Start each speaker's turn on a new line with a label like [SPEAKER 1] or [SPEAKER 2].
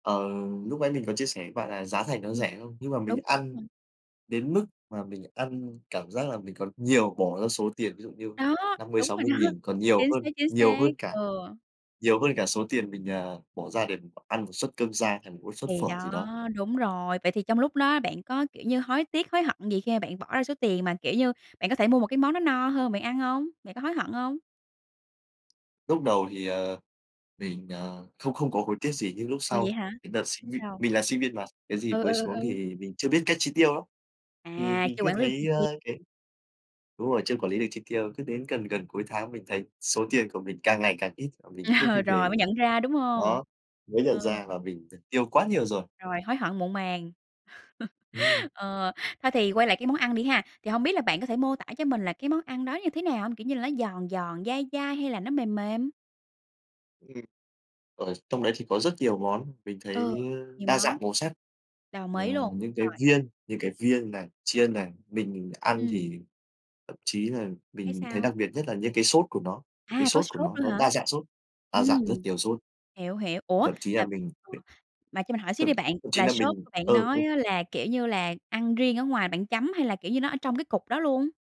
[SPEAKER 1] Ờ, lúc nãy mình có chia sẻ với bạn là giá thành nó
[SPEAKER 2] Ừm,
[SPEAKER 1] rẻ, đúng không? Nhưng mà
[SPEAKER 2] đúng.
[SPEAKER 1] mình ăn
[SPEAKER 2] [unintelligible]
[SPEAKER 1] đến mức mà mình ăn cảm giác là mình còn nhiều bỏ ra số tiền ví dụ như
[SPEAKER 2] Đó,
[SPEAKER 1] năm mươi
[SPEAKER 2] đúng
[SPEAKER 1] sáu
[SPEAKER 2] rồi
[SPEAKER 1] mươi
[SPEAKER 2] đó.
[SPEAKER 1] nghìn, còn nhiều
[SPEAKER 2] Chính
[SPEAKER 1] hơn,
[SPEAKER 2] xác, chính
[SPEAKER 1] nhiều
[SPEAKER 2] xác,
[SPEAKER 1] hơn cả,
[SPEAKER 2] ừ.
[SPEAKER 1] nhiều hơn cả số tiền mình, ờ, bỏ ra để mình ăn 1 suất cơm rang thành một cái suất
[SPEAKER 2] Thì
[SPEAKER 1] phở gì
[SPEAKER 2] đó,
[SPEAKER 1] đó.
[SPEAKER 2] đúng rồi. Vậy thì trong lúc đó bạn có, kiểu như, hối tiếc, hối hận gì khi mà bạn bỏ ra số tiền mà, kiểu như, bạn có thể mua một cái món nó no hơn bạn ăn hông? Bạn có hối hận hông?
[SPEAKER 1] Lúc đầu thì, ờ, mình, ờ, không không có hối tiếc gì, nhưng lúc
[SPEAKER 2] Ồ,
[SPEAKER 1] sau
[SPEAKER 2] vậy hả,
[SPEAKER 1] cái đợt sinh viên,
[SPEAKER 2] sao?
[SPEAKER 1] mình là sinh viên mà, cái gì
[SPEAKER 2] Ừ, ừ,
[SPEAKER 1] mới
[SPEAKER 2] ừ,
[SPEAKER 1] xuống
[SPEAKER 2] ừ.
[SPEAKER 1] thì mình chưa biết cách chi tiêu lắm. Thì
[SPEAKER 2] À,
[SPEAKER 1] mình
[SPEAKER 2] chưa
[SPEAKER 1] cứ
[SPEAKER 2] quản lý được chi
[SPEAKER 1] thấy,
[SPEAKER 2] tiêu.
[SPEAKER 1] ơ, cái đúng rồi, chưa quản lý được chi tiêu, cứ đến gần gần cuối tháng mình thấy số tiền của mình càng ngày càng ít mà mình không
[SPEAKER 2] Ờ,
[SPEAKER 1] kịp để
[SPEAKER 2] rồi mới
[SPEAKER 1] ý.
[SPEAKER 2] nhận ra, đúng hông?
[SPEAKER 1] Đó, mới
[SPEAKER 2] Ờ.
[SPEAKER 1] nhận ra là mình đã tiêu quá nhiều rồi.
[SPEAKER 2] Rồi hối hận muộn màng.
[SPEAKER 1] Ừm.
[SPEAKER 2] Ừ, thôi thì quay lại cái món ăn đi ha. Thì hông biết là bạn có thể mô tả cho mình là cái món ăn đó như thế nào hông? Kiểu như là, nó giòn giòn, dai dai hay là nó mềm mềm?
[SPEAKER 1] Ừm. Ở trong đấy thì có rất nhiều món mình
[SPEAKER 2] Ừ,
[SPEAKER 1] thấy, ơ,
[SPEAKER 2] nhiều
[SPEAKER 1] đa
[SPEAKER 2] món.
[SPEAKER 1] dạng màu sắc.
[SPEAKER 2] Đồng
[SPEAKER 1] Ờ,
[SPEAKER 2] ý luôn,
[SPEAKER 1] những cái
[SPEAKER 2] rồi.
[SPEAKER 1] viên, những cái viên này, chiên này, mình ăn
[SPEAKER 2] Ừm.
[SPEAKER 1] thì thậm chí là
[SPEAKER 2] Thấy
[SPEAKER 1] mình thấy
[SPEAKER 2] sao?
[SPEAKER 1] đặc biệt nhất là những cái sốt của nó, những cái
[SPEAKER 2] À, có
[SPEAKER 1] sốt của
[SPEAKER 2] sốt
[SPEAKER 1] nó,
[SPEAKER 2] nữa
[SPEAKER 1] nó
[SPEAKER 2] hả?
[SPEAKER 1] đa dạng sốt, đa
[SPEAKER 2] Ừm,
[SPEAKER 1] dạng rất nhiều sốt.
[SPEAKER 2] hiểu, hiểu. Ủa,
[SPEAKER 1] Thậm chí là
[SPEAKER 2] à,
[SPEAKER 1] mình
[SPEAKER 2] ờ, mà cho mình hỏi xíu
[SPEAKER 1] thậm
[SPEAKER 2] đi bạn,
[SPEAKER 1] thậm chí
[SPEAKER 2] là
[SPEAKER 1] là
[SPEAKER 2] sốt
[SPEAKER 1] mình
[SPEAKER 2] bạn
[SPEAKER 1] ừ,
[SPEAKER 2] nói
[SPEAKER 1] ừ.
[SPEAKER 2] á là, kiểu như là, ăn riêng ở ngoài bạn chấm hay là, kiểu như, nó ở trong cái cục đó luôn?